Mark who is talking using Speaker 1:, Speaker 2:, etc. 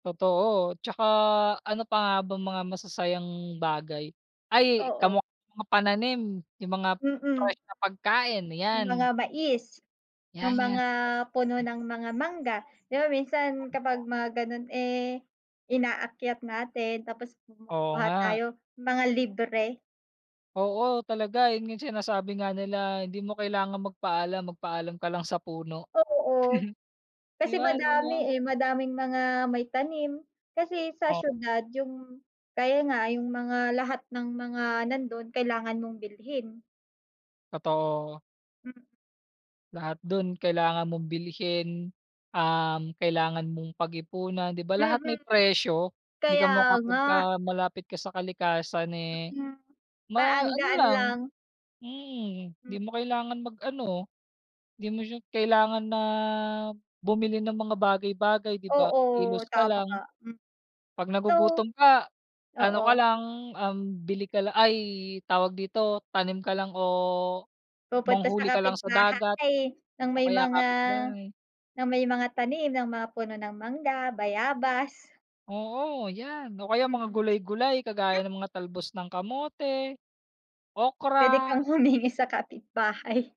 Speaker 1: Totoo, 'tsaka ano pa nga ba mga masasayang bagay, ay
Speaker 2: Oo.
Speaker 1: kamukha mga pananim yung mga
Speaker 2: Mm.
Speaker 1: fresh na pagkain,
Speaker 2: Yung
Speaker 1: yan.
Speaker 2: mga mais,
Speaker 1: Yan,
Speaker 2: yung mga
Speaker 1: [unintelligible]
Speaker 2: puno
Speaker 1: pagkain.
Speaker 2: ng mga mangga, di ba minsan kapag
Speaker 1: [unintelligible]
Speaker 2: mga ganun eh, inaakyat natin tapos
Speaker 1: Oo
Speaker 2: kumukuha
Speaker 1: nga.
Speaker 2: tayo mga libre.
Speaker 1: Oo, talaga yun yung sinasabi nga nila, hindi mo kailangang magpaalam, magpaalam ka lang sa puno.
Speaker 2: Oo.
Speaker 1: Di
Speaker 2: Kasi
Speaker 1: ba no'n 'no?
Speaker 2: madami eh, madaming mga may tanim, kasi sa
Speaker 1: O
Speaker 2: siyudad yung, kaya nga yung mga lahat ng mga nandun kailangan mong bilhin.
Speaker 1: Totoo. Lahat dun kailangan mong bilhin, um, kailangan mong pag-ipunan di ba lahat may
Speaker 2: Mhm.
Speaker 1: presyo? Hindi ka
Speaker 2: Kaya nga.
Speaker 1: makapunta malapit ka sa kalikasan eh,
Speaker 2: Mm, parang
Speaker 1: ma
Speaker 2: ang
Speaker 1: ano
Speaker 2: gaan
Speaker 1: lang
Speaker 2: lang.
Speaker 1: mm di mo kailangan mag-ano, di mo siya kailangan na bumili ng mga bagay-bagay di ba,
Speaker 2: Oo
Speaker 1: kilos ka
Speaker 2: tama
Speaker 1: lang,
Speaker 2: ka, mm.
Speaker 1: 'pag
Speaker 2: So
Speaker 1: nagugutom ka, ano
Speaker 2: oo.
Speaker 1: ka lang, um, bili ka lang ay tawag dito, tanim ka lang o
Speaker 2: Pupunta sa
Speaker 1: manghuli ka lang sa dagat,
Speaker 2: kapitbahay ng
Speaker 1: o
Speaker 2: may
Speaker 1: kaya
Speaker 2: mga,
Speaker 1: kapitbahay.
Speaker 2: na may mga tanim ng mga puno ng mangga, bayabas.
Speaker 1: Oo yan, o kaya mga
Speaker 2: Mm.
Speaker 1: gulay-gulay kagaya ng mga talbos ng kamote,
Speaker 2: Pwede
Speaker 1: okra.
Speaker 2: kang humingi sa kapitbahay.